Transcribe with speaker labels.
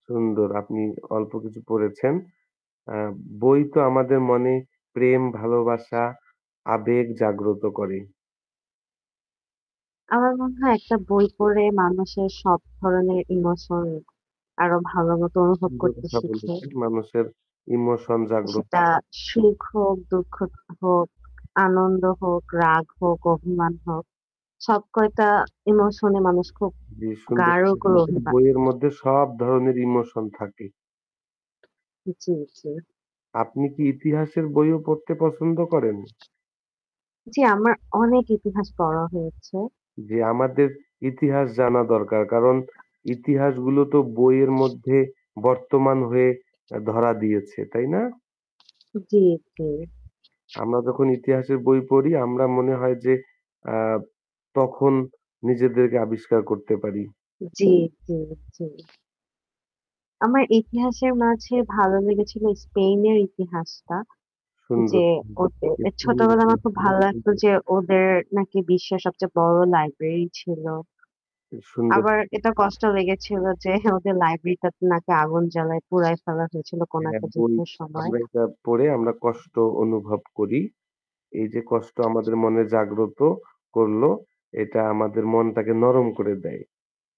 Speaker 1: সুন্দর আপনি অল্প কিছু পড়েছেন। অ্যা বই তো আমাদের মনে, প্রেম, ভালোবাসা, আবেগ জাগ্রত করে।
Speaker 2: আমার মনে হয় একটা বই পড়ে মানুষের সব ধরনের ইমোশন আরো ভালো মতো অনুভব
Speaker 1: সুন্দর
Speaker 2: করতে
Speaker 1: কথা
Speaker 2: শিখে।
Speaker 1: বলেছেন মানুষের ইমোশন জাগ্র
Speaker 2: সেটা সুখ হোক, দুঃখ হোক, আনন্দ হোক, রাগ হোক, অভিমান হোক। সবকয়টা ইমোশনে মানুষ খুব
Speaker 1: জি, সুন্দর
Speaker 2: গাঢ়
Speaker 1: কথা
Speaker 2: করে
Speaker 1: বলেছেন
Speaker 2: অভিমান
Speaker 1: বইয়ের মধ্যে সব ধরনের ইমোশন থাকে।
Speaker 2: জি, জি।
Speaker 1: আপনি কি ইতিহাসের বইও পড়তে পছন্দ করেন?
Speaker 2: জি, আমার অনেক ইতিহাস পড়া হয়েছে।
Speaker 1: জি, আমাদের ইতিহাস জানা দরকার। কারণ ইতিহাস গুলো তো বইয়ের মধ্যে বর্তমান হয়ে অ্যা ধরা দিয়েছে, তাই না?
Speaker 2: জি, জি।
Speaker 1: আমরা যখন ইতিহাসের বই পড়ি, আমরা মনে হয় যে আ তখন নিজেদের আবিষ্কার করতে পারি।
Speaker 2: জি, জি, জি। আমার ইতিহাসের মাঝে ভালো লেগেছিল স্পেনের ইতিহাসটা। যে
Speaker 1: সুন্দর।
Speaker 2: ওদের এ ছোটবেলায় আমার খুব ভালো লাগতো
Speaker 1: [unintelligible]
Speaker 2: যে ওদের নাকি বিশ্বের সবচেয়ে বড় লাইব্রেরি ছিল।
Speaker 1: এ সুন্দর।
Speaker 2: আবার এটা কষ্ট লেগেছিল যে ওদের লাইব্রেরিটাতে নাকি আগুন জ্বালায় পুড়ায় ফেলা হয়েছিল কোন
Speaker 1: হ্যাঁ,
Speaker 2: একটা
Speaker 1: বই
Speaker 2: যুদ্ধের সময়।
Speaker 1: আমরা এটা পড়ে আমরা কষ্ট অনুভব করি। এই যে কষ্ট আমাদের মনে জাগ্রত করলো এটা আমাদের মনটাকে নরম করে দেয়।